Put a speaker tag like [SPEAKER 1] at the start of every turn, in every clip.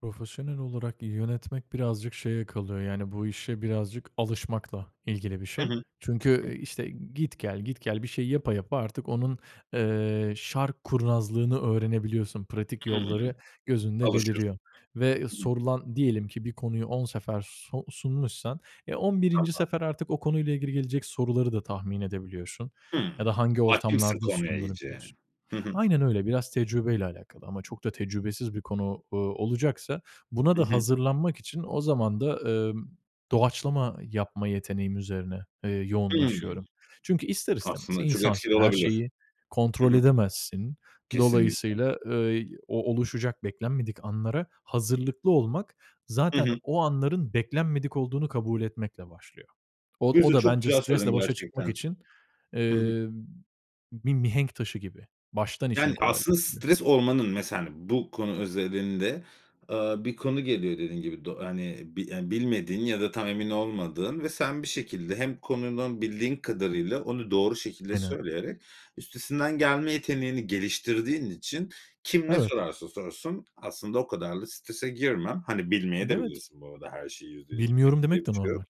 [SPEAKER 1] Profesyonel olarak yönetmek birazcık şeye kalıyor, yani, bu işe birazcık alışmakla ilgili bir
[SPEAKER 2] Hı
[SPEAKER 1] şey.
[SPEAKER 2] hı. Hıh.
[SPEAKER 1] Çünkü, eee, işte, git gel git gel bir şey yapa yapa artık onun, eee, şark kurnazlığını öğrenebiliyorsun pratik
[SPEAKER 2] Hımm.
[SPEAKER 1] yolları gözünde
[SPEAKER 2] Alışıyorsun.
[SPEAKER 1] beliriyor ve
[SPEAKER 2] Hı hı.
[SPEAKER 1] sorulan diyelim ki bir konuyu 10 sefer so sunmuşsan, e 11.
[SPEAKER 2] Tamam.
[SPEAKER 1] sefer artık o konuyla ilgili gelecek soruları da tahmin edebiliyorsun
[SPEAKER 2] Hımm.
[SPEAKER 1] ya da hangi
[SPEAKER 2] Hâkimsin
[SPEAKER 1] ortamlarda
[SPEAKER 2] konuya
[SPEAKER 1] sunduğunu
[SPEAKER 2] iyice.
[SPEAKER 1] biliyorsun.
[SPEAKER 2] Hı hı.
[SPEAKER 1] Aynen öyle, biraz tecrübeyle alakalı. Ama çok da tecrübesiz bir konu, ııı, olacaksa, buna
[SPEAKER 2] Hı
[SPEAKER 1] da
[SPEAKER 2] hı.
[SPEAKER 1] hazırlanmak için o zaman da, ımm, doğaçlama yapma yeteneğim üzerine, eee,
[SPEAKER 2] Hımm.
[SPEAKER 1] yoğunlaşıyorum. Çünkü ister istemez
[SPEAKER 2] Aslında çok etkili
[SPEAKER 1] insansın, her
[SPEAKER 2] olabilir.
[SPEAKER 1] şeyi
[SPEAKER 2] Hı
[SPEAKER 1] kontrol
[SPEAKER 2] hı.
[SPEAKER 1] edemezsin.
[SPEAKER 2] Kesinlikle.
[SPEAKER 1] Dolayısıyla, ııı, y o oluşacak beklenmedik anlara hazırlıklı olmak,
[SPEAKER 2] Hı
[SPEAKER 1] zaten
[SPEAKER 2] hı.
[SPEAKER 1] o anların beklenmedik olduğunu kabul etmekle başlıyor.
[SPEAKER 2] Bu
[SPEAKER 1] Od o
[SPEAKER 2] sözü
[SPEAKER 1] da
[SPEAKER 2] çok
[SPEAKER 1] bence
[SPEAKER 2] güzel söyledin
[SPEAKER 1] stresle başa
[SPEAKER 2] gerçekten.
[SPEAKER 1] çıkmak için,
[SPEAKER 2] Hı hı.
[SPEAKER 1] eee, bir mihenk taşı gib, i baştan
[SPEAKER 2] Yani,
[SPEAKER 1] işini
[SPEAKER 2] aslında
[SPEAKER 1] kolaylaştırmıyor.
[SPEAKER 2] stres olmanın mesela, hani, bu konu özelinde, ııı, bir konu geliyor dediğin gibi do hani, bi hani, bilmediğin ya da tam emin olmadığın ve sen bir şekilde hem konunun bildiğin kadarıyla onu doğru şekilde
[SPEAKER 1] Aynen.
[SPEAKER 2] söyleyerek üstesinden gelme yeteneğini geliştirdiğin için, kim ne
[SPEAKER 1] Evet.
[SPEAKER 2] sorarsa sorsun aslında o kadar da strese girme. Hani,
[SPEAKER 1] Evet.
[SPEAKER 2] bilmeyebilirsin de bu arada her şeyi %100
[SPEAKER 1] Bilmiyorum
[SPEAKER 2] bileceksin bir
[SPEAKER 1] demek de
[SPEAKER 2] şey yok.
[SPEAKER 1] normal.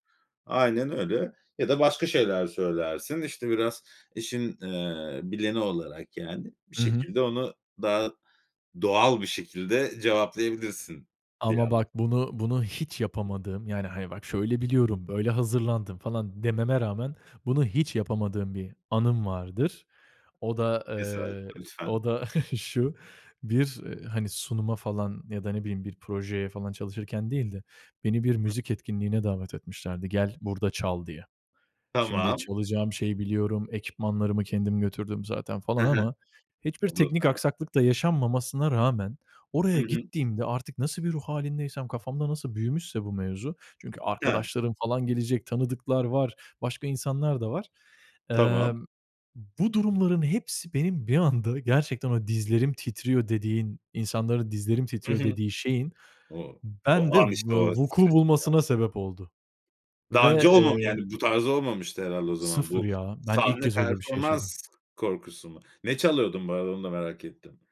[SPEAKER 2] Aynen öyle, ya da başka şeyler söylersin, işte, biraz işin, eee, bileni olarak, yani, bir
[SPEAKER 1] Hı hı.
[SPEAKER 2] şekilde onu daha doğal bir şekilde cevaplayabilirsin diye
[SPEAKER 1] Ama
[SPEAKER 2] anladım.
[SPEAKER 1] bak bunu bunu hiç yapamadığım, yani, hani, bak "Şöyle biliyorum, böyle hazırlandım." falan dememe rağmen bunu hiç yapamadığım bir anım vardır. O da,
[SPEAKER 2] Mesela,
[SPEAKER 1] eee, o
[SPEAKER 2] lütfen.
[SPEAKER 1] da şu: Bir, eee, hani, sunuma falan ya da ne bileyim bir projeye falan çalışırken değil de, beni bir
[SPEAKER 2] Hıh.
[SPEAKER 1] müzik etkinliğine davet etmişlerdi, "Gel, burada çal." diye. Şimdi
[SPEAKER 2] Tamam.
[SPEAKER 1] çalacağım şeyi biliyorum, ekipmanlarımı kendim götürdüm zaten
[SPEAKER 2] Hı
[SPEAKER 1] falan
[SPEAKER 2] hı.
[SPEAKER 1] ama hiçbir
[SPEAKER 2] Olur,
[SPEAKER 1] teknik
[SPEAKER 2] aynen.
[SPEAKER 1] aksaklık da yaşanmamasına rağmen
[SPEAKER 2] Hı
[SPEAKER 1] oraya
[SPEAKER 2] hı.
[SPEAKER 1] gittiğimde, artık nasıl bir ruh hâlindeysem, kafamda nasıl büyümüşse bu mevzu, çünkü
[SPEAKER 2] He.
[SPEAKER 1] arkadaşlarım falan gelecek, tanıdıklar var, başka insanlar da var.
[SPEAKER 2] Tamam.
[SPEAKER 1] Emm, bu durumların hepsi benim bir anda gerçekten ama dizlerim titriyor dediğin, insanların dizlerim
[SPEAKER 2] Hı
[SPEAKER 1] titriyor
[SPEAKER 2] hı.
[SPEAKER 1] dediği şeyin
[SPEAKER 2] O o
[SPEAKER 1] bende v
[SPEAKER 2] an işte,
[SPEAKER 1] eee,
[SPEAKER 2] o
[SPEAKER 1] vuku
[SPEAKER 2] stres ya.
[SPEAKER 1] bulmasına sebep oldu
[SPEAKER 2] Daha önce
[SPEAKER 1] ve,
[SPEAKER 2] olmamı
[SPEAKER 1] eee
[SPEAKER 2] yani, bu tarz olmamıştı herhâlde o zaman
[SPEAKER 1] 0
[SPEAKER 2] bu
[SPEAKER 1] ya, ben ilk
[SPEAKER 2] sahne
[SPEAKER 1] kez öyle bir şey
[SPEAKER 2] performans
[SPEAKER 1] yaşadım.
[SPEAKER 2] korkusu mu? Ne çalıyordun bu arada? Onu da merak ettim.